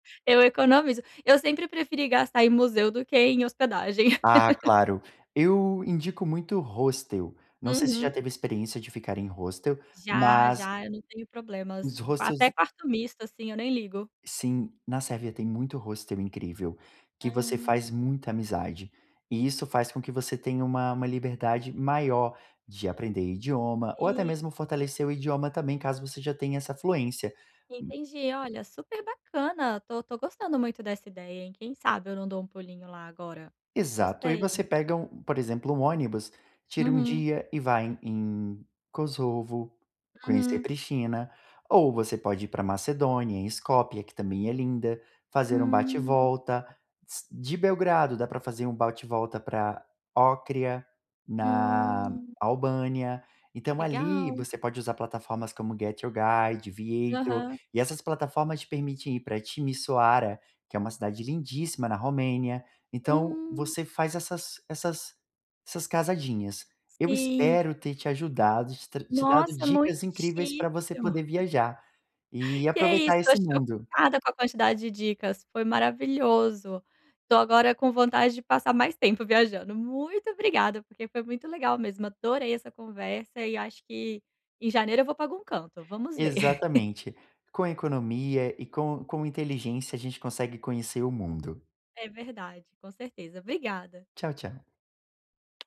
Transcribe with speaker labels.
Speaker 1: Eu economizo. Eu sempre preferi gastar em museu do que em hospedagem.
Speaker 2: Ah, claro. Eu indico muito hostel. Não sei se já
Speaker 1: Uhum.
Speaker 2: teve experiência de ficar em hostel,
Speaker 1: Já,
Speaker 2: mas
Speaker 1: já, eu não tenho problemas.
Speaker 2: os
Speaker 1: Até
Speaker 2: hostels
Speaker 1: com quarto misto, assim, eu nem ligo.
Speaker 2: Sim, na Sérvia tem muito hostel, incrível, que você faz
Speaker 1: Ah.
Speaker 2: muita amizade, e isso faz com que você tenha uma uma liberdade maior de aprender idioma, ou até
Speaker 1: Sim.
Speaker 2: mesmo fortalecer o idioma também, caso você já tenha essa fluência. [unintelligible]
Speaker 1: Entendi. Olha, super bacana, estou estou gostando muito dessa ideia, hein, quem sabe eu não dou um pulinho lá agora.
Speaker 2: Exato. Aí você
Speaker 1: Gostei.
Speaker 2: pega um, por exemplo, um ônibus, tira um
Speaker 1: Uhum.
Speaker 2: dia e vai em em Kosovo, conhecer
Speaker 1: Uhum.
Speaker 2: Pristina. Ou você pode ir para Macedônia, em Escópia, que também é linda, fazer um bate e
Speaker 1: Hum.
Speaker 2: volta. S de Belgrado dá para fazer um bate e volta para Ócrida, na
Speaker 1: Hum.
Speaker 2: Albânia. Então ali,
Speaker 1: Legal.
Speaker 2: você pode usar plataformas como Get your Guide, Viator,
Speaker 1: Aham.
Speaker 2: e essas plataformas te permitem ir para Timisoara, que é uma cidade lindíssima na Romênia. Então
Speaker 1: Hum.
Speaker 2: você faz essas essas essas casadinhas. Eu
Speaker 1: Sim.
Speaker 2: espero ter te ajudado, te tra te dado
Speaker 1: Nossa,
Speaker 2: dicas incríveis
Speaker 1: muitíssimo.
Speaker 2: para você poder viajar, e
Speaker 1: E é isso,
Speaker 2: aproveitar esse
Speaker 1: estou
Speaker 2: mundo.
Speaker 1: chocada com a quantidade de dicas, foi maravilhoso. Estou agora com vontade de passar mais tempo viajando. Muito obrigada, porque foi muito legal mesmo, adorei essa conversa e acho que em janeiro eu vou para algum canto, vamos ver.
Speaker 2: Exatamente. Com a economia e com com inteligência, a gente consegue conhecer o mundo.
Speaker 1: É verdade, com certeza. Obrigada.
Speaker 2: Tchau, tchau.